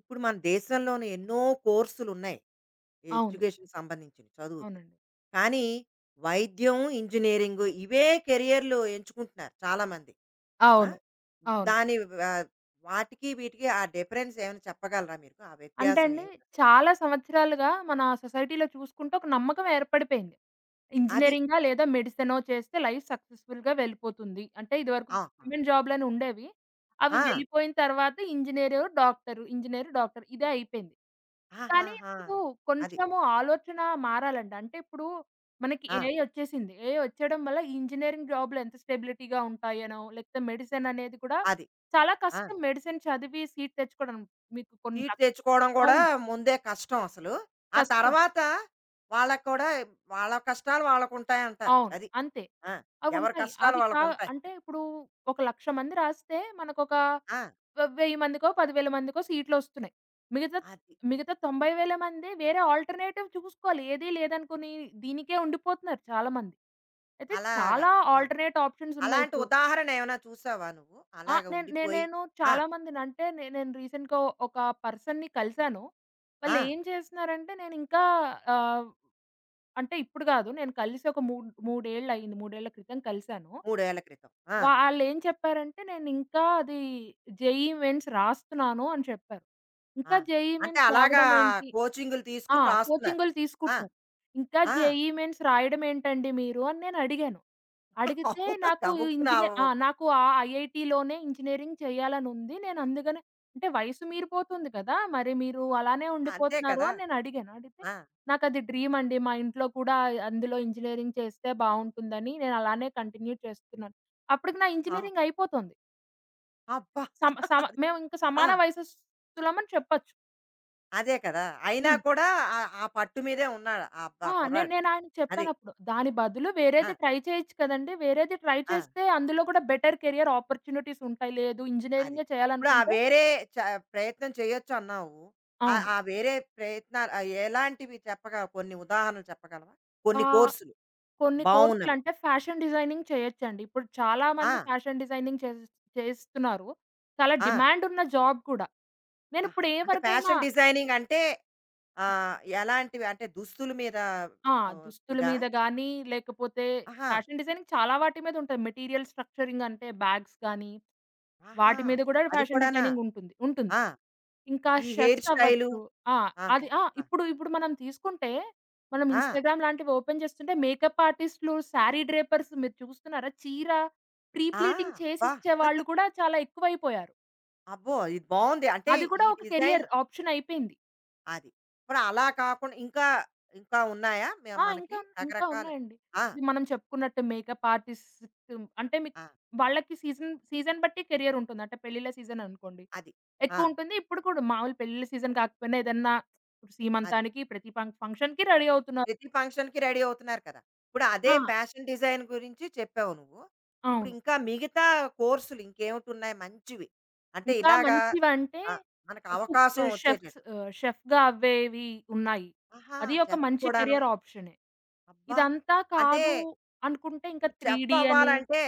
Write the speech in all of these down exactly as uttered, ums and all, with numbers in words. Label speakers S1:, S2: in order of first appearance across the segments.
S1: ఇప్పుడు మన దేశంలోనే ఎన్నో కోర్సులున్నాయి,
S2: అవును.
S1: ఎడ్యుకేషన్‌కి సంబంధించినియి చదువుకి.
S2: అవునండి.
S1: కానీ వైద్యం, ఇంజినీరింగు, ఇవే కేరియర్లు ఎంచుకుంటున్నారు చాలామంది. ఆ!
S2: అవును. అవును.
S1: దాని వ వాటికీ వీటికి ఆ డిఫరెన్సేవన్నా చెప్పగలరా మీరు? ఆ
S2: అంటే అండీ,
S1: వ్యత్యాసవేమిటసలు?
S2: చాలా సంవత్సరాలుగా మన సొసైటీలో చూసుకుంటే ఒక నమ్మకవేర్పడిపోయింది.
S1: అది.
S2: ఇంజినీరింగా లేదా మెడిసెనో చేస్తే లైఫ్ సక్సెస్‌ఫుల్‌గా వెళ్ళిపోతుంది. అంటే, ఇదివరకు
S1: ఆహా!
S2: గవర్నమెంట్ జాబులనుండేవి. అవి
S1: ఆ!
S2: వెళ్ళిపోయిన తరవాత ఇంజినీరు, డాక్టరు, ఇంజినీరు, డాక్టరు, ఇదే అయిపోయింది, కానీ
S1: ఆహాహా!
S2: ఇప్పుడూ
S1: అది.
S2: కొంచము ఆలోచనా మారాలండి. అంటే, ఇప్పుడూ మనకి
S1: ఆ!
S2: ఏఐ ఒచ్చేసింది. ఏఐ ఒచ్చేయడం వల్ల, ఇంజినీరింగ్ జాబులెంత స్టెబిలిటీగా ఉంటాయోనో, లేతే మెడెసెననేది కూడా
S1: అది.
S2: చాలా
S1: ఆ!
S2: కష్టం మెడిసెన్ చదివి సీట్ తెచ్చుకోడం. మీకు కొన్న
S1: సీట్ తెచ్చుకోడం గూడా
S2: అవును.
S1: ముందే కష్టమసలు. ఆ
S2: కష్టం.
S1: తర్వాతా వాళ్ళకి కూడా, వాళ్ళ కష్టాలు వాళ్ళకుంటాయంటారు.
S2: అవును.
S1: అది.
S2: అంతే.
S1: ఆ! ఎవరి
S2: అవుంటాయి.
S1: కష్టాలు
S2: అవి కా
S1: వాళ్ళకుంటాయి.
S2: అంటే, ఇప్పుడూ ఒక లక్ష మంది రాస్తే మనకొక
S1: ఆ!
S2: వ వెయ్యి మందికో, పదివేల మందికో సీట్లొస్తున్నాయి. మిగతా
S1: అది.
S2: మిగతా తొంభై వేల మందీ వేరే ఆల్టర్‌నేటివ్ చూసుకోవాలి. ఏదీ లేదనుకునీ దీనికే ఉండిపోతన్నారు చాలామంది. అయితే,
S1: అలాగా.
S2: చాలా
S1: ఆ!
S2: ఆల్టర్‌నేట్
S1: అలాంటి
S2: ఆప్షన్సున్నాయిప్పుడు.
S1: ఉదాహరణేవైనా చూశావా నువ్వు,
S2: ఆ!
S1: అలాగా
S2: నేన్ నే
S1: ఉండిపోయి
S2: నేను
S1: ఆ!
S2: చాలా మందినంటే నే నేను రీసెంట్‌గా ఒక పర్సన్‌ని కలిశాను.
S1: ఆ!
S2: వాళ్ళేం చేస్తన్నారంటే, నేనింకా ఆహ్, అంటే, ఇప్పుడు గాదు. నేను కలిసి ఒక మూడు మూడేళ్ళయింది. మూడేళ్ళ క్రితం కలిసాను.
S1: మూడేళ్ళ క్రితం. ఆ!
S2: వాళ్ళేం చెప్పారంటే, నేనింకా అదీ జేఈఈ మెయిన్స్ రాస్తన్నాను అని చెప్పారు.
S1: ఆ!
S2: ఇంకా జేఈఈ
S1: అంటే,
S2: మెయిన్స్
S1: అలాగా
S2: రావడమేంటి
S1: కోచింగులు
S2: ఆ!
S1: తీసుకుని రాస్తున్నారు.
S2: కోచింగులు
S1: ఆ!
S2: తీసుకుంటున్నారు. ఇంకా
S1: ఆ!
S2: జేఈఈ మెయిన్స్ రాయడమేంటండి మీరు అని నేనడిగాను. అడిగితే, నాకూ ఈ
S1: గబుక్కున
S2: ఇంజినే
S1: అవో
S2: ఆ! "నాకు ఆ ఐఐటీలోనే ఇంజినీరింగ్ చెయ్యాలనుంది, నేనందుకనే" అంటే, వయసు మీరిపోతుంది కదా! మరి మీరు అలానే
S1: అంతే
S2: ఉండిపోతున్నారు
S1: కదా!
S2: అని నేనడిగాను. అడిగితే,
S1: ఆ!
S2: "నాకది డ్రీమండి, మా ఇంట్లో కూడా అయ్ అందులో ఇంజినీరింగ్ చేస్తే బావుంటుందని నేనలానే కంటిన్యూ చేస్తున్నాను." అప్పడుకి నా
S1: ఆ!
S2: ఇంజినీరింగయిపోతోంది.
S1: అబ్బా!
S2: సమ సమ
S1: అది.
S2: మేవింక
S1: ఆ!
S2: సమాన వయసస్తులమని చెప్పచ్చు.
S1: అదే కదా! అయినా
S2: హ్మ్.
S1: కూడా ఆహ్, ఆహ్, పట్టు మీదే ఉన్నాడు ఆ క
S2: ఆ! నేన్
S1: కుర్రాడు
S2: నేనాయనకి
S1: అది.
S2: చెప్పానప్పుడు, దాని బదులు
S1: ఆ!
S2: వేరేది ట్రై చేయొచ్చు కదండీ! వేరేది ట్రై
S1: ఆ!
S2: చేస్తే అందులో కూడా బెటర్ కేరియర్ ఆపార్చునిటీసుంటయి. లేదు
S1: అది.
S2: ఇంజినీరింగే
S1: ఇప్పుడు ఆ
S2: చేయాలనుకుంటే
S1: వేరే చ ప్రయత్నం చేయొచ్చన్నావు. ఆహ్,
S2: అవును.
S1: ఆహ్, వేరే ప్రయత్నాలు, ఆహ్, ఎలాంటివి చెప్పగ కొన్ని ఉదాహరణలు చెప్పగలవా? కొన్ని
S2: ఆహ్,
S1: కోర్సులు
S2: కొన్ని
S1: బావున్నవి.
S2: కోర్సులంటే, ఫ్యాషన్ డిజైనింగ్ చేయొచ్చండి. ఇప్పుడు చాలా మంది
S1: ఆ!
S2: ఫ్యాషన్ డిజైనింగ్ చేసేస్ చేస్తున్నారు. చాలా
S1: ఆ!
S2: డిమాండున్న జాబ్ కూడా.
S1: ఆహా! అంటే
S2: నేనిప్పుడేవరికైనా
S1: ఫ్యాషన్ డిజైనింగ్ అంటే ఆహ్, ఎలాంటివి అంటే దుస్తుల మీద
S2: ఆ!
S1: ఆహ్,
S2: దుస్తుల
S1: ఇదా?
S2: మీద గానీ, లేకపోతే
S1: ఆహా!
S2: ఫ్యాషన్ డిజైనింగ్ చాలా వాటి మీదుంటుంది. మెటీరియల్ స్ట్రక్చరింగ్ అంటే, బ్యాగ్స్ గానీ
S1: ఆహా!
S2: వాటి మీద కూడా
S1: అది
S2: ఫ్యాషన్
S1: కూడానా!
S2: డిజైనింగుంటుంది ఉంటుంది.
S1: ఆ!
S2: ఇంకా
S1: ఈ హెయిర్
S2: చెఫ్స్
S1: స్టైలు.
S2: అవ్వచ్చు. ఆ!
S1: ఆహా!
S2: అది ఆ!
S1: ఆ!
S2: ఇప్పుడు, ఇప్పుడు మనం తీసుకుంటే, మనం
S1: ఆ!
S2: ఇన్‌స్టాగ్రామ్ లాంటివి ఓపెన్ చేస్తుంటే మేకప్ ఆర్టిస్టులు, సారీ డ్రేపర్స్. మీరు చూస్తున్నారా? చీర
S1: ఆ!
S2: ప్రీప్లీటింగ్ చేసి
S1: అబ్బా!
S2: ఇచ్చే వాళ్ళు కూడా చాలా ఎక్కువయిపోయారు.
S1: అబ్బో! ఇది బావుంది. అంటే
S2: అది కూడా
S1: ఈ
S2: ఒక
S1: డిజైన్
S2: కెరియర్ ఆప్షనయిపోయింది.
S1: అది. ఇప్పుడు అలా కాకుండా ఇంకా ఇంకా ఉన్నాయా మ
S2: ఆ!
S1: మనకి?
S2: ఇంకా, ఇంకా
S1: రకరకాలు
S2: ఉన్నాయండి.
S1: ఆ!
S2: ఇది మనం చెప్పుకున్నట్టు మేకప్ ఆర్టిస్ట్ అంటే మీ
S1: ఆ!
S2: వాళ్ళకి సీజన్ సీజన్ బట్టి కెరియర్ ఉంటుంది. అంటే పెళ్లిళ్ళ సీజన్ అనుకోండి
S1: అది. ఆ!
S2: ఎక్కువుంటుంది, ఇప్పుడు కూడా మామూలు పెళ్లిళ్ళ సీజన్ కాకపోయినా ఏదైనా
S1: అది.
S2: సీమంతానికి ప్రతి పం ఫంక్షన్‌కీ రెడీ అవుతున్నారు.
S1: ప్రతి ఫంక్షన్‌కి రెడీ అవుతున్నారు కదా! ఇప్పుడు అదే
S2: ఆ!
S1: ఫ్యాషన్ డిజైన్ గురించి చెప్పావు నువ్వు.
S2: అవును.
S1: ఇప్పుడింకా మిగతా కోర్సులు ఇంకేమిటున్నాయి మంచివి అంటే
S2: ఇంకా
S1: ఇలాగ
S2: మంచివంటే
S1: అ! మనకు
S2: కుక్
S1: అవకాశం
S2: ఆహ్, షెఫ్
S1: వచ్చేటట్టు.
S2: ఆహ్, షెఫ్‌గా అవ్వేవి ఉన్నాయి.
S1: ఆహా!
S2: అదీ ఒక
S1: చెఫ్
S2: మంచి
S1: కూడాను.
S2: కెరియర్ ఆప్షనే
S1: అబ్బా!
S2: ఇదంతా
S1: అంటే
S2: కాదు అనుకుంటే ఇంకా
S1: ఇప్పుడు చెఫ్
S2: త్రీడీ అని
S1: అవ్వాలంటే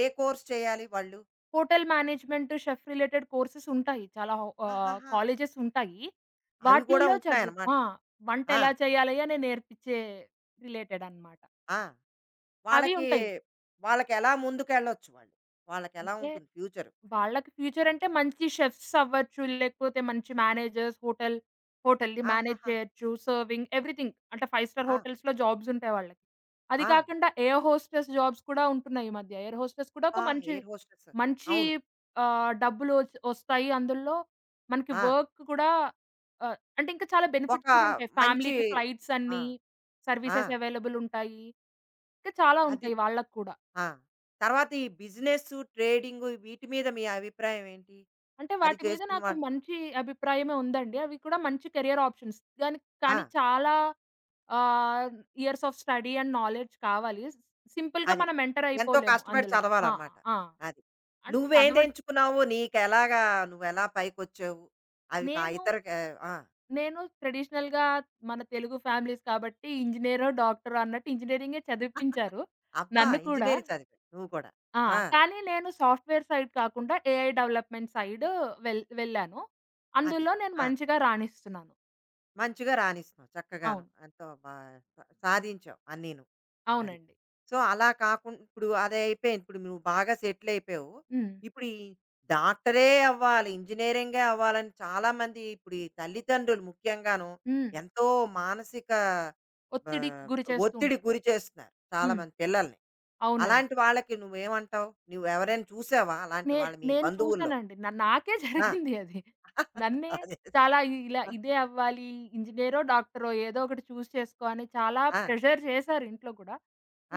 S1: ఏ కోర్స్ చేయాలి వాళ్ళు?
S2: Hotel management, chef related courses ఉంటాయి. చాలా వ్ ఆహ్,
S1: ఆహాహా!
S2: కాలేజెస్ ఉంటాయి.
S1: అవి గూడా
S2: వాటిలలో చదువు
S1: ఉంటున్నాయన్నమాట.
S2: ఆ!
S1: ఆ!
S2: వంటెలా చేయాలి? అని నేర్పిచ్చే రిలేటెడ్ అన్నమాట.
S1: ఆ!
S2: అవి
S1: వాళ్ళకి
S2: ఉంటాయి.
S1: వాళ్ళకెలా ముందుకెళ్ళొచ్చు వాళ్ళు? వాళ్ళకెలా
S2: అంటే
S1: ఉంటుంది ఫ్యూచరు?
S2: వాళ్ళకి ఫ్యూచర్ అంటే మంచి షెఫ్స్ అవ్వచ్చు. లేపోతే మంచి మ్యానేజర్స్ హోటల్ హోటల్‌ని మ్యానేజ్
S1: ఆహాహా!
S2: చేయొచ్చు సర్వింగ్ ఎవ్రీథింగ్. అంటే ఫైవ్ స్టార్
S1: ఆ!
S2: హోటల్స్‌‌లో జాబ్స్ ఉంటాయి వాళ్ళకి. అది
S1: ఆ!
S2: కాకుండా ఎయిర్ హోస్టెస్ జాబ్స్ కూడా ఉంటున్నాయి ఈ మధ్య. ఎయిర్ హోస్టెస్ కూడా ఒక
S1: అబ్బా!
S2: మంచి,
S1: ఎయిర్ హోస్టెస్.
S2: మంచి
S1: అవును.
S2: ఆహ్, డబ్బులు ఒ ఒస్తాయి అందులో మనకి
S1: ఆ!
S2: వర్క్ కూడా ఆహ్, అంటే ఇంకా చాలా
S1: ఒక
S2: బెనిఫిట్స్ కూడా ఉంటాయి.
S1: మంచీ
S2: ఫ్యామిలీకి ఫ్లైట్స్
S1: ఆ!
S2: అన్నీ
S1: ఆ!
S2: సర్వీసెస్ అవైలబుల్ ఉంటాయి. ఇంకా చాలా
S1: అది!
S2: ఉంటాయి వాళ్ళకు కూడా.
S1: ఆ! తర్వాత ఈ బిజినెస్సు ట్రేడింగు వీటి మీద మీ అభిప్రాయం ఏంటి?
S2: అంటే
S1: అది
S2: వాటి మీద
S1: చేస్తున్న
S2: నాకు
S1: వాళ్
S2: మంచి అభిప్రాయమే ఉందండి. అవి కూడా మంచి కెరియర్ ఆప్షన్స్ దానికి కానీ
S1: ఆ!
S2: చాలా ఆహ్, years of study and knowledge కావాలి స్ సింపుల్‌గా
S1: అది.
S2: మనం ఎంటర్
S1: ఎంతో
S2: అయిపోలేము
S1: కష్టపడి
S2: అందులో. ఆ!
S1: చదవాలన్నమాట.
S2: ఆ!
S1: అది.
S2: అండ్ చదవ
S1: నువ్వేదెంచుకున్నావు? నీకెలాగా నువ్వెలా పైకొచ్చావు? అది కా
S2: నేను,
S1: ఇతర కా ఆ!
S2: నేను ట్రెడిషనల్‌గా మన తెలుగు ఫ్యామిలీస్ కాబట్టి ఇంజినీరో, డాక్టరో అన్నట్టు ఇంజినీరింగే చదివిపించారు
S1: అబ్బా!
S2: నన్ను కూడా.
S1: ఇంజినీరింగు చదివావు నువ్వు కూడా.
S2: ఆ!
S1: ఆ!
S2: కానీ నేను సాఫ్ట్‌వేర్ సైడ్ కాకుండా ఏఐ డెవలప్‌మెంట్ సైడు వెళ్ వెళ్ళాను.
S1: అది.
S2: అందులో నేను
S1: ఆ!
S2: మంచిగా రాణిస్తున్నాను.
S1: మంచిగా రానిస్తున్నావు, చక్కగాను
S2: అవును.
S1: ఎంతో బా సా సాధించావు అన్నీను. అది.
S2: అవునండి.
S1: సో, అలా కాకుం ఇప్పుడు అదయిపోయింది ఇప్పుడు నువ్వు బాగా సెటిలైయిపోయావు,
S2: హ్మ్.
S1: ఇప్పుడు ఈ డాక్టరే అవ్వాలి, ఇంజినీరింగే అవ్వాలని చాలామంది ఇప్పుడు ఈ తల్లిదండ్రులు ముఖ్యంగానూ
S2: హ్మ్.
S1: ఎంతో మానసిక
S2: ఒత్తిడికి
S1: ఆహ్,
S2: గురి చేస్తూ
S1: ఒత్తిడికి
S2: ఉంటారు.
S1: గురిచేస్తున్నారు
S2: హ్మ్.
S1: చాలామంది పిల్లలని.
S2: అవునండి
S1: అలాంటి వాళ్ళకి నువ్వు ఏమంటావు? నువ్వు ఎవరైనా చూసావా అలాంటి
S2: నే
S1: వాళ్ళు మీ
S2: నేను
S1: బంధువుల్లో?
S2: చూసానండి. న నాకే
S1: ఆ!
S2: జరిగింది అది. నన్నే
S1: అదే, అదే.
S2: చాలా ఇ ఇలా,
S1: ఆ!
S2: "ఇదే అవ్వాలి, ఇంజినీరో, డాక్టరో ఏదో ఒకటి చూస్ చేసుకో" అని, చాలా
S1: ఆ!
S2: ప్రెషర్ చేశారు ఇంట్లో కూడా.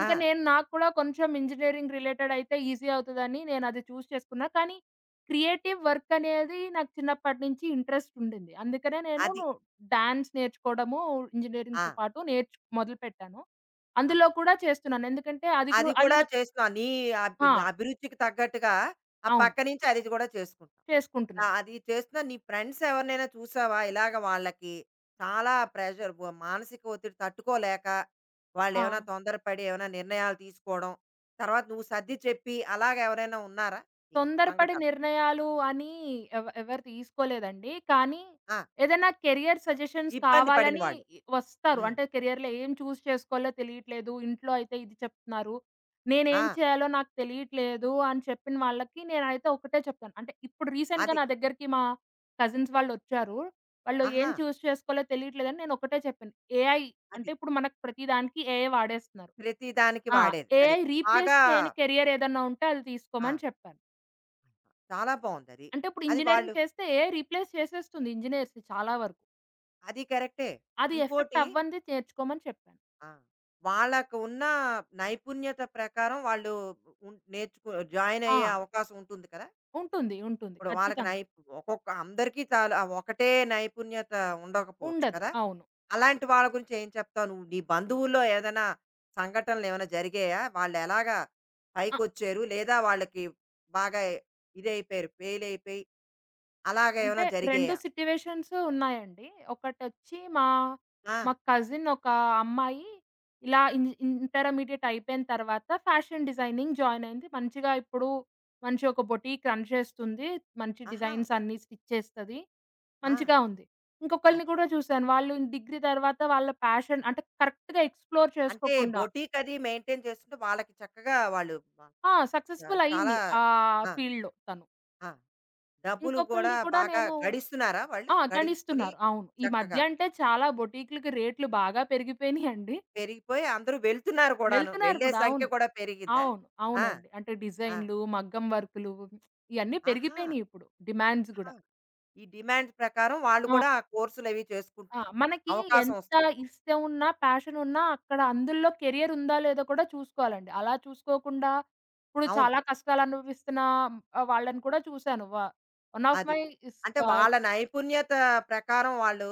S2: ఇంకా నేను నాకు కూడా కొంచెం ఇంజినీరింగు రిలేటెడ్ అయితే, ఈసీ అవుతదని నేను అది చూస్ చేసుకున్నా. కానీ. క్రియేటివ్ వర్క్ అనేది నాకు చిన్నప్పటినుంచి ఇంట్రెస్ట్ ఉండింది. అందుకనే నేను
S1: అది.
S2: డాన్స్ నేర్చుకోవడము, ఇంజినీరింగ్‌తో
S1: ఆ!
S2: పాటు నేర్చ్ మొదలుపెట్టాను.
S1: అది.
S2: అందులో కూడా చేస్తున్నాను. ఎందుకంటే, అది కు
S1: అది
S2: అది
S1: కూడా
S2: నాకు
S1: చేస్తున్నా. నీ అబ్
S2: ఆ!
S1: అభిరుచికి తగ్గట్టుగా, ఆ
S2: అవును.
S1: పక్కనుంచి అది కూడా చేసుకుంటం. ఆ!
S2: చేసుకుంటున్నాను.
S1: అది చేస్తున్నా నీ ఫ్రెండ్స్ ఎవరినైనా చూసావా? ఇలాగ వాళ్ళకి చాలా ప్రెషర్ ఒ మానసిక ఒత్తిడి తట్టుకోలేక, వాళ్ళేమైనా
S2: ఆ!
S1: తొందరపడి ఏమైనా నిర్ణయాలు తీసుకోవడం, తర్వాత నువ్వు సర్దిచెప్పి అలాగా ఎవరైనా ఉన్నారా? నీకు
S2: తొందరపడి
S1: సంఘటన.
S2: నిర్ణయాలు అని ఎవ్ ఎవరు తీసుకోలేదండి. కానీ,
S1: ఆ!
S2: ఏదైనా కేరియర్ సజెషన్స్
S1: ఇబ్బంది పడిన
S2: కావాలని
S1: వాళ్ళు.
S2: వస్తారు.
S1: హ్మ్.
S2: అంటే, కేరియర్‌లో ఏం చూస్ చేసుకోవాలో తెలీట్లేదు, ఇంట్లో అయితే ఇది చెప్తున్నారు. నేను ఏమి
S1: ఆ!
S2: చేయాలో నాకు తెలీట్లేదు, అని చెప్పిన వాళ్ళకి నేనైతే ఒకటే చెప్తాను. అంటే, ఇప్పుడు రీసెంట్‌గా
S1: అది.
S2: నా దగ్గరికి మా కజిన్స్ వాళ్ళొచ్చారు. వాళ్ళు, "ఏం
S1: ఆహా!
S2: చూస్ చేసుకోవాలో తెలియట్లేదు అని" నేను ఒకటే చెప్పాను ఏఐ అంటే
S1: అది.
S2: ఇప్పుడు మనకి ప్రతి దానికి ఏఐ వాడేస్తున్నారు.
S1: ప్రతి దానికి
S2: ఆ!
S1: వాడేది. అది.
S2: ఏఐ రీప్లేస్
S1: బాగా
S2: చేయని కేరియర్ ఏదైనా ఉంటే, అది తీసుకోమని
S1: ఆ!
S2: చెప్పాను.
S1: చాలా బావుందది.
S2: అంటే ఇప్పుడు
S1: అది వాళ్ళు
S2: ఇంజినీరింగు చేస్తే ఏఐ రీప్లేస్ చేసేస్తుంది, ఇంజినీర్స్‌ని చాలా వరకు.
S1: అది కరెక్టే.
S2: అది
S1: ఇంకోటి
S2: ఎఫెక్టవ్వందే నేర్చుకోమని చెప్పాను.
S1: ఆ! వాళ్ళకు ఉన్న నైపుణ్యత ప్రకారం వాళ్ళు, ఉన్ నేర్చుకొ జాయినయ్యే
S2: ఆ!
S1: అవకాశం ఉంటుంది కదా!
S2: ఉంటుంది. ఉంటుంది.
S1: ఇప్పుడు వాళ్ళకి నై
S2: ఖచ్చితంగా.
S1: ఒక్కొక్క అందరికీ చాలా ఒకటే నైపుణ్యత ఉండకపోవచ్చు
S2: ఉండదు.
S1: కదా!
S2: అవును.
S1: అలాంటి వాళ్ళ గురించి ఏం చెప్తావు నువ్వు? నీ బంధువుల్లో ఏదైనా సంఘటనలేవైనా జరిగాయా వాళ్ళెలాగా
S2: అ
S1: పైకొచ్చారు? లేదా వాళ్ళకి బాగా ఇదైపోయారు ఫెయిలయిపోయి
S2: అంటే
S1: అలాగేవైనా
S2: రెండు
S1: జరిగాయా?
S2: సిట్యుయేషన్స్ ఉన్నాయండి ఒకటొచ్చి మా, మా
S1: ఆ!
S2: కజిన్ ఒక అమ్మాయి ఇలా ఇంజి ఇ ఇంటర్మీడియేట్ అయిపోయిన తరువాత ఫ్యాషన్ డిజైనింగ్ జాయినయింది, మంచిగా ఇప్పుడు మంచి ఒక బొటీక్ రన్ చేస్తుంది. మంచి
S1: ఆహా!
S2: డిజైన్సన్ని స్టిచ్ చేస్తది,
S1: ఆ!
S2: మంచిగా ఉంది. ఇంకొకళ్ళని
S1: అది.
S2: కూడా చూశాను. వాళ్ళు డిగ్రీ తరువాత వాళ్ళ ప్యాషన్ అంటే, కరెక్ట్‌గా ఎక్స్‌ప్లోర్
S1: అంటే
S2: చేసుకోకుండా
S1: బొటీకది మెయింటైన్ చేసుకుంటే, వాళ్ళకి చక్కగా వాళ్ళు వా
S2: ఆ!
S1: చ
S2: సక్సెస్‌ఫుల్
S1: చాలా
S2: అయ్యింది. ఆ
S1: ఆ!
S2: ఫీల్డ్‌లో తను.
S1: ఆ! డబ్బులు కూడా
S2: ఇంకొకళ్ళని కూడా
S1: బాగా
S2: నేను
S1: గడిస్తున్నారా వాళ్ళు?
S2: ఆ!
S1: గడించుకొని
S2: గడిస్తున్నారు అవును. ఈ మధ్య
S1: చక్కగా
S2: అంటే చాలా బొటీక్లకి రేట్లు బాగా పెరిగిపోయినయండి.
S1: పెరిగిపోయి అందరూ వెళ్తున్నారు కూడాను.
S2: వెళ్తున్నారు
S1: వెళ్ళే
S2: కూడా
S1: సంఖ్య
S2: అవును.
S1: కూడా పెరిగిందా?
S2: అవును.
S1: ఆ!
S2: అవునండి. అంటే
S1: ఆ!
S2: డిజైనులు, మగ్గం వర్కులు ఇవన్నీ
S1: ఆహా!
S2: పెరిగిపోయినాయిప్పుడు డిమాండ్స్
S1: ఆహా!
S2: కూడా.
S1: ఈ డిమాండ్స్ ప్రకారం వాళ్ళు
S2: ఆ!
S1: కూడా ఆ కోర్సులవి
S2: ఆ!
S1: చేసుకుంటున్నారు.
S2: మనకి
S1: అవకాశం
S2: ఎంత
S1: వస్తుంది.
S2: ఇష్టం ఉన్నా, ప్యాషనున్నా అక్కడ అందుల్లో కెరియరుందా, లేదో కూడా చూసుకోవాలండి. అలా చూసుకోకుండా ఇప్పుడు
S1: అవును.
S2: చాలా కష్టాలు అనుభవిస్తున్న ఆ వాళ్ళని కూడా చూశాను. వ వన్ ఆఫ్
S1: అది.
S2: మై స్
S1: అంటే
S2: కా
S1: వాళ్ళ నైపుణ్యత ప్రకారం వాళ్ళు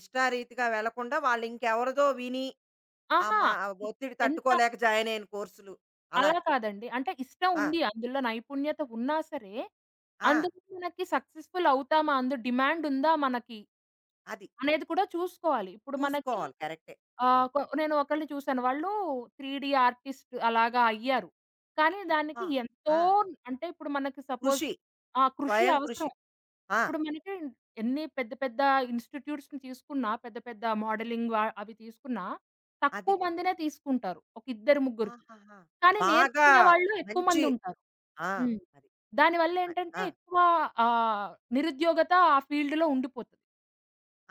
S1: ఇష్టారీతిగా వెళ్లకుండా వాళ్ళు ఇంకెవరిదో విని ఆహ్,
S2: ఆహా!
S1: మ
S2: ఇ
S1: ఒత్తిడి
S2: ఎంత
S1: తట్టుకోలేక జాయినయిన కోర్సులు
S2: అలా
S1: అలాగా.
S2: కాదండి. అంటే ఇష్టం
S1: ఆ!
S2: ఉంది. అందులో నైపుణ్యత ఉన్నా సరే,
S1: ఆ!
S2: అందులో మనకి సక్సెస్‌ఫుల్ అవుతామా, అందు డిమాండుందా మనకి,
S1: అది.
S2: అనేది కూడా చూసుకోవాలి. ఇప్పుడు మనకి
S1: చూసుకోవాలి కరెక్టే.
S2: ఆహ్,
S1: అవును.
S2: కొ నేను ఒకళ్ళని చూసాను. వాళ్ళు 3డి ఆర్టిస్ట్ అలాగా అయ్యారు. కానీ
S1: అబ్బా!
S2: దానికి ఎంతో
S1: ఆ!
S2: అంటే ఇప్పుడు మనకి సపోజ్
S1: కృషి.
S2: ఆహ్, కృషి
S1: స్వయం కృషి.
S2: అవసరం.
S1: ఆ!
S2: ఇప్పుడు మనకి ఎన్ని పెద్ద, పెద్ద ఇన్‌స్టిట్యూట్స్ తీసుకున్నా పెద్ద, పెద్ద మోడలింగ్ వ అవి తీసుకున్నా
S1: అది.
S2: తక్కువ మందినే తీసుకుంటారు. ఒక ఇద్దరు ముగ్గురికి.
S1: ఆహాహా!
S2: కానీ
S1: బాగా
S2: నేర్చుకునే వాళ్ళు ఎక్కువ
S1: మంచి
S2: మందుంటారు.
S1: ఆ!
S2: హ్మ్.
S1: అది. అయ్
S2: దానివళ్లేంటంటే
S1: ఆ!
S2: ఎక్కువ ఆహ్, నిరుద్యోగత ఆ ఫీల్డ్‌లో ఉండిపోతది.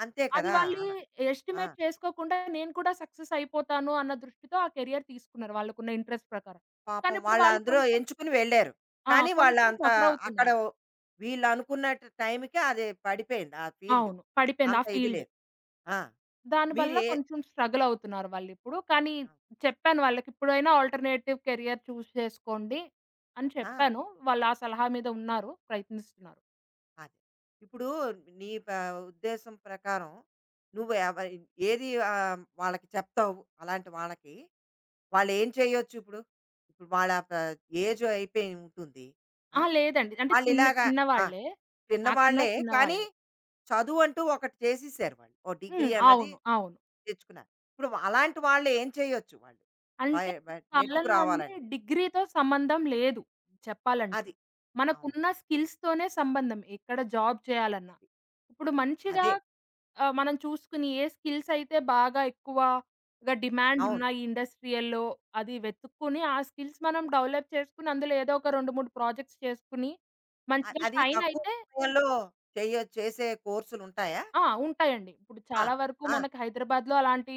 S1: అంతే
S2: అది
S1: కదా!
S2: వాళ్ళు
S1: ఆనా
S2: ఎ
S1: ఆ!
S2: ఎస్టిమేట్ చేసుకోకుండా నేను కూడా సక్సెస్ అయిపోతాను అన్న దృష్టితో ఆ కేరియర్ తీసుకున్నారు. వాళ్లకున్న ఇంట్రెస్ట్ ప్రకారం కానీ
S1: పాపం
S2: ఇప్పుడు
S1: వాళ్ళు
S2: వాళ్ళు
S1: అందులో
S2: కొంచెం
S1: ఎంచుకుని వెళ్లారు.
S2: ఆ!
S1: కానీ
S2: కొంచెం
S1: వాళ్ళంత అక్కడ
S2: సఫరవుతున్నారు.
S1: వీళ్ళు అనుకున్న ట్ టైంకి అది పడిపేంది ఆ ఫీల్డ్
S2: అవును. పడిపేంద
S1: అంత
S2: ఆ
S1: ఇది
S2: ఫీల్డ్.
S1: లేదు. ఆ!
S2: దానివల్ల
S1: మీరే
S2: కొంచెం స్ట్రగలవుతున్నారు. వాళిప్పుడు కానీ
S1: ఆ!
S2: చెప్పాను వాళ్ళకిప్పుడైనా ఆల్టర్నేటివ్ క్యారియర్ చూస్ చేసుకోండి అని
S1: ఆ!
S2: చెప్పాను. వాళ్ళ ఆ సలహా మీద ఉన్నారు ప్రయత్నిస్తున్నారు.
S1: అది. ఇప్పుడు నీ పే ఉద్దేశం ప్రకారం నువ్వు ఏవ ఏది ఆహ్, వాళ్ళకి చెప్తావు? అలాంటి వాళ్ళకి వాళ్ళేం చేయొచ్చు ఇప్పుడు ఇప్పుడు వాళ్ళ‌త ఏజ్ అయిపోయుంటుంది. ఆ!
S2: ఆహా! లేదండి అంటే
S1: వాళ్ళు
S2: చిన్న
S1: ఇలాగ ఆ!
S2: చిన్నవాళ్లే నాకన్నా
S1: చిన్నవాళ్లే కానీ
S2: చిన్నవాళ్ళు.
S1: చదువంటూ ఒకటి చేసేశారు వాళ్ళు ఓ
S2: హ్మ్.
S1: డిగ్రీ అన్నది
S2: అవును. అవును.
S1: తెచ్చుకున్నారు. ఇప్పుడు‌వా అలాంటి వాళ్ళు ఏం చేయొచ్చు? వాళ్ళు వై
S2: అంటే
S1: వ
S2: ఈ
S1: నెట్టుకు
S2: కాలంలో అండి
S1: రావాలంటే?
S2: డిగ్రీ‌తో సంబంధం లేదు. చెప్పాలంటే
S1: అది. అవును.
S2: మనకున్న స్కిల్స్‌తోనే సంబంధం ఎక్కడ జాబ్ చేయాలన్నా
S1: అది
S2: ఇప్పుడు మంచిగా
S1: అదే.
S2: ఆహ్, మనం చూసుకుని ఏ స్కిల్సయితే బాగా ఎక్కువగా డిమాండ్ ఉన్న
S1: అవును.
S2: ఈ ఇండస్ట్రియల్‌లో అది వెతుక్కొని ఆ స్కిల్స్ మనం డెవలప్ చేసుకొని అందులో ఏదో ఒక రెండు మూడు ప్రాజెక్ట్స్ చేసుకొని
S1: అ
S2: మంచిగా
S1: అది తక్కువ
S2: షైనయితే
S1: సమయంలో చెయ్యొ చేసే కోర్సులుంటాయా?
S2: ఆ! ఉంటాయండి. ఇప్పుడు
S1: ఆ!
S2: చాలా వరకు
S1: ఆ!
S2: మనకు హైదరాబాద్లో అలాంటి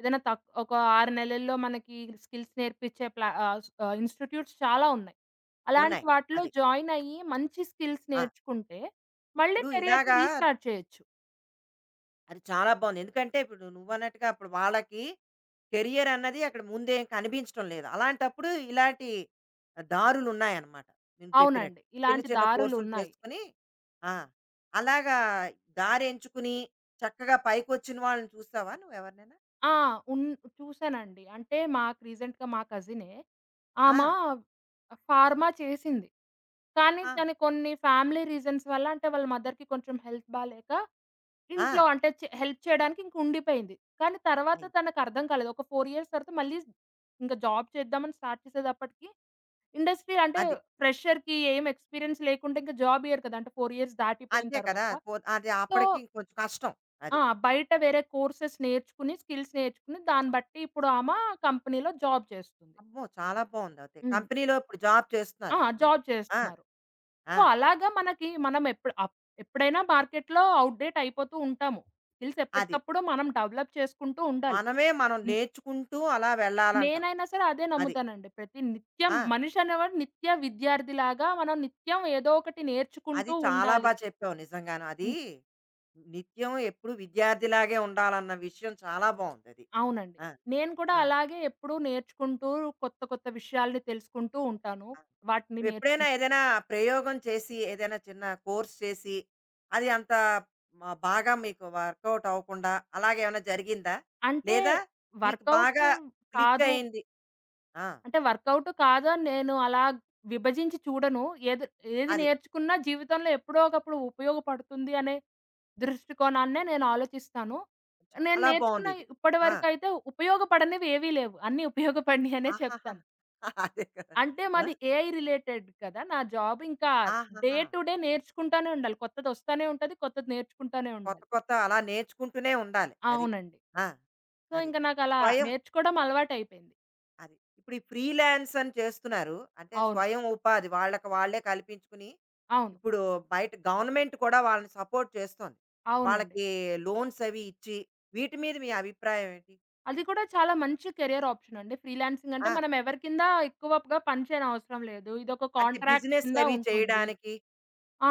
S2: ఏదైనా త ఒక ఆరు నెలల్లో మనకి స్కిల్స్ నేర్పిచే ప్లా ఆహ్, ఆహ్, ఇన్‌స్టిట్యూట్స్ చాలా ఉన్నాయి. అలాంటి
S1: ఉన్నాయి
S2: వాటిలో
S1: అది.
S2: జాయిన్ అయ్యి మంచి స్కిల్స్
S1: ఆ!
S2: నేర్చుకుంటే మళ్ళీ
S1: ఇప్పుడు
S2: కెరియర్‌ని
S1: ఇలాగా
S2: రీస్టార్ట్ చేయొచ్చు.
S1: అది చాలా బావుంది. ఎందుకంటే, ఇప్పుడు నువ్వు అన్నట్టుగా అప్పుడు వాళ్ళకి, కేరియరన్నది అక్కడ ముందేం కనిపించడం లేదు. అలాంటప్పుడు ఇలాంటి దారులున్నాయన్నమాట. నేను చెప్పినట్టు.
S2: అవునండి.
S1: చిన్న,
S2: ఇలాంటి
S1: చిన్న కోర్సులు
S2: దారులున్నాయి.
S1: చేసుకొని ఆ! అలాగా దారి ఎంచుకుని, చక్కగా పైకొచ్చిన వాళ్ళని చూసావా నువ్వెవరినైనా?
S2: ఆ! ఉన్ చూసానండి. అంటే మాకు, రీసెంట్‌గా మా కజినే, ఆమా
S1: ఆ!
S2: ఫార్మా చేసింది. కానీ,
S1: ఆహా!
S2: దానికి కొన్ని ఫ్యామిలీ రీజన్స్ వల్ల, అంటే వాళ్ళ మదర్‌కి కొంచెం హెల్త్ బాలేక, ఇంట్లో
S1: ఆ!
S2: అంటే చె హెల్ప్ చేయడానికి ఇంక ఉండిపోయింది. కానీ, తర్వాత
S1: అయ్
S2: తనకు అర్థం కాలేదు ఒక ఫోర్ ఇయర్స్ తర్వాత మళ్ళీ, ఇంక జాబ్ చేద్దాం అని స్టార్ట్ చేసేటప్పటికి, ఇండస్ట్రీ అంటే
S1: అది.
S2: ఫ్రెషర్‌కి ఏమి ఎక్స్‌పీరియన్స్ లేకుండా, ఇంకా జాబ్ ఇవ్వరు కదా! అంటే ఫోర్ ఇయర్స్ దాటిపోయిన
S1: అంతే కదా!
S2: తర్వాత.
S1: కొ ఆద్ అది
S2: సో
S1: అప్పటికి కొంచెం కష్టం. అది.
S2: ఆ! బయట వేరే కోర్సెస్ నేర్చుకుని, స్కిల్స్ నేర్చుకుని, దాన్ని బట్టి ఇప్పుడు ఆమా కంపెనీ‌లో జాబ్ చేస్తుంది.
S1: అమ్మో! చాలా బావుంది అయితే.
S2: హ్మ్.
S1: కంపెనీలో ఇప్పుడు జాబ్ చేస్తున్నరు.
S2: ఆ!
S1: ఆ అమ్మాయి.
S2: జాబ్
S1: ఆ!
S2: చేస్తున్నారు.
S1: ఆ!
S2: సో, అలాగా మనకి మనం ఎప్పుడ్ అప్ ఎప్పుడైనా మార్కెట్‌లో అవుట్‌డేట్ అయిపోతూ ఉంటాము. స్కిల్స్
S1: అది.
S2: ఎప్పటికప్పుడు మనం డెవలప్ చేసుకుంటూ ఉండాలి.
S1: మనమే మనం
S2: హ్మ్.
S1: నేర్చుకుంటూ అలా వెళ్ళాలంటావు.
S2: నేనైనా సరే, అదే
S1: అది.
S2: నమ్ముతానండి. ప్రతి నిత్యం
S1: ఆ!
S2: మనిషనేవాడు నిత్య విద్యార్థి లాగా, మనం నిత్యం ఏదో ఒకటి
S1: అది
S2: నేర్చుకుంటూ
S1: చాలా బా
S2: ఉండాలి.
S1: చెప్పావు నిజంగాను. అది
S2: హ్మ్.
S1: నిత్యం ఎప్పుడూ విద్యార్థిలాగే ఉండాలన్న విషయం చాలా బావుందది.
S2: అవునండి.
S1: ఆ!
S2: నేను కూడా
S1: ఆ!
S2: అలాగే ఎప్పుడూ నేర్చుకుంటూ కొత్త, కొత్త విషయాలను తెలుసుకుంటూ ఉంటాను.
S1: ఆ!
S2: వాటిని
S1: నువ్వెప్పుడైనా
S2: నేర్చుకు
S1: ఏదైనా ప్రయోగం చేసి, ఏదైనా చిన్న కోర్స్ చేసి, అది అంత మ బాగా మీకు వర్కవుట్ అవ్వకుండా, అలాగేమైనా జరిగిందా.
S2: అంటే,
S1: లేదా మీకు
S2: వర్కవుటు
S1: బాగా
S2: కాదు
S1: క్లిక్కయింది. ఆ!
S2: అంటే, వర్కవుటు కాదు అని నేను అలా విభజించి చూడను. ఎది ఏది
S1: అది.
S2: నేర్చుకున్నా జీవితంలో ఎప్పుడో ఒకప్పుడు ఉపయోగపడుతుంది అనే దృష్టికోణాన్నే నేను ఆలోచిస్తాను. నేను
S1: చాలా
S2: నేర్చుకున్న
S1: బావుందిది. ఆ!
S2: ఇప్పటివరకు అయితే ఉపయోగపడనివేవీ లేవు. అన్నీ ఉపయోగపడినయి అనే
S1: ఆహాహా!
S2: చెప్తాను.
S1: అదే కదా!
S2: అంటే,
S1: ఆ!
S2: మాది ఏఐ రిలేటెడ్ కదా! నా జాబ్ ఇంకా డే
S1: ఆహహా!
S2: టు డే నేర్చుకుంటానే ఉండాలి. కొత్తదొస్తానే ఉంటది. కొత్తది నేర్చుకుంటనే ఉండాలి.
S1: కొత్త, కొత్త అలా నేర్చుకుంటూనే ఉండాలి. అది.
S2: అవునండి.
S1: ఆ!
S2: సో,
S1: అది
S2: ఇంకా నాకలా
S1: స్వయం
S2: నేర్చుకోవడం అలవాటయిపోయింది.
S1: అది. ఇప్పుడు ఈ ఫ్రీలాన్సని చేస్తున్నారు. అంటే
S2: అవును.
S1: స్వయం ఉపాధి, వాళ్ళకు వాళ్ళే కల్పించుకుని
S2: అవును.
S1: ఇప్పుడు బయట గవర్నమెంట్ కూడా వాళ్ళని సపోర్ట్ చేస్తోంది.
S2: అవునండి.
S1: వాళ్లకి లోన్సవి ఇచ్చి వీటి మీద మీ అభిప్రాయం ఏంటి?
S2: అది కూడా చాలా మంచి కెరియరాప్షనండి. ఫ్రీలాన్సింగంటే
S1: ఆ!
S2: మనం ఎవరి కింద ఎక్కువగా పనిచేయనవసరం లేదు. ఇదోక
S1: అంటే
S2: కాంట్రాక్ట్ కింద
S1: బిజినెస్‌లవి
S2: ఉంటుంది.
S1: చేయడానికి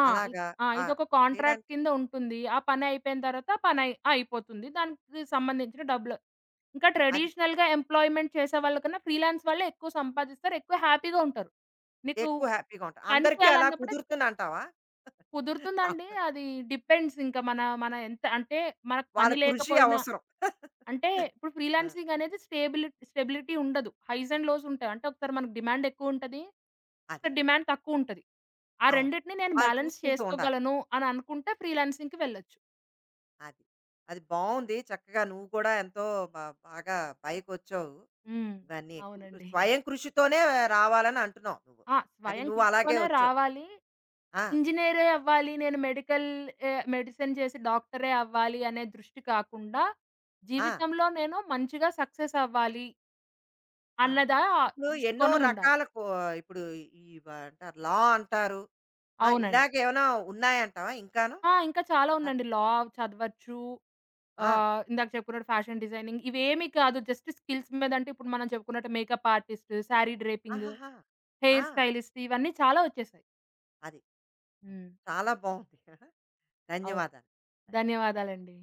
S2: ఆ‌ ఇ
S1: అలాగా
S2: ఆ
S1: ఆ!
S2: ఇదొక కంట్రాక్ట్
S1: చేయడానికి
S2: కింద ఉంటుంది. ఆ పనయిపేన తరువాత పనయి అయిపోతుంది. దానికి సంబంధించిన డబ్బులు ఇంకా
S1: అది.
S2: ట్రెడిషనల్‌గా ఎంప్లాయిమెంట్ చేసేవాళ్లకన్నా ఫ్రీలాన్స్ వాళ్ళే ఎక్కువ సంపాదిస్తారు. ఎక్కువ హ్యాపీ‌గా ఉంటారు. నీకు
S1: ఎక్కువ హ్యాపీ‌గా ఉంటా.
S2: పని
S1: అందరికి అలా
S2: చేయాలన్నప్పుడే
S1: కుదురుతుందంటావా?
S2: కుదురుతుందండి.
S1: అవును.
S2: అది డిపెండ్స్ ఇంకా మన మన ఎంత అంటే, మనకు
S1: వాళ్ళ
S2: పని
S1: కృషి
S2: లేకపోయినా
S1: అవసరం.
S2: అంటే ఇప్పుడు
S1: ఆ!
S2: ఫ్రీలాన్సింగానేది స్టెబుల్ స్టెబిలిటీ ఉండదు. హైస్ అండ్ లోసుంటాయి. అంటే ఒకసారి మనకు డిమాండ్ ఎక్కువుంటది.
S1: అది.
S2: ఒకసారి డిమాండ్ తక్కువుంటది. ఆ!
S1: అవును
S2: రెండిటిని నేను
S1: వాళ్ళు
S2: బాలన్స్
S1: చూసుకుంటూ ఉండాలి.
S2: చేసుకోగలను అని అనుకుంటే, ఫ్రీలాన్సింగ్‌కి వెళ్ళొచ్చు.
S1: అది. అది బావుంది, చక్కగా నువ్వు కూడా ఎంతో బా బాగా పైకొచ్చావు,
S2: హ్మ్.
S1: ఇవన్నీను
S2: అవునండి.
S1: స్వయం కృషితోనే రావాలని అంటున్నావు నువ్వు,
S2: ఆ!
S1: అది
S2: స్వయం
S1: నువ్వు అలాగే
S2: కృషితోనే
S1: వచ్చావు.
S2: రావాలి.
S1: ఆ!
S2: ఇంజినీరే అవ్వాలి, నేను మెడికల్ ఏ మెడిసిన్ చేసి డాక్టరే అవ్వాలి అనే దృష్టి కాకుండా,
S1: ఆ!
S2: జీవితంలో నేను మంచిగా సక్సెసవ్వాలి.
S1: ఆ!
S2: అన్నదా
S1: ఇప్పుడు ఎన్నో
S2: దృష్టికోణముండాలి.
S1: రకాల కు ఇప్పుడు ఇవంటారు లా అంటారు. ఆ!
S2: అవునండి.
S1: ఇలగేమైనా ఉన్నాయంటావా ఇంకాను?
S2: ఆ! ఇంకా చాలా
S1: తక్
S2: ఉందండి లా చదవచ్చు
S1: ఆ!
S2: ఆహ్, ఇందాక చెప్పుకున్నట్టు ఫ్యాషన్ డిజైనింగ్ ఇవి ఏమి కాదు, జస్ట్ స్కిల్స్ మీద అంటే, ఇప్పుడు మనం చెప్పుకున్నట్టు మేకప్ ఆర్టిస్టు, సారీ డ్రేపింగు,
S1: ఆహాహ!
S2: హెయిర్
S1: ఆ!
S2: స్టైలిస్టు ఇవన్నీ చాలా వచ్చేసాయి.
S1: అది.
S2: హ్మ్.
S1: చాలా బావుంది.
S2: అవును.
S1: ధన్యవాదాలు. ధ
S2: ధన్యవాదాలండి.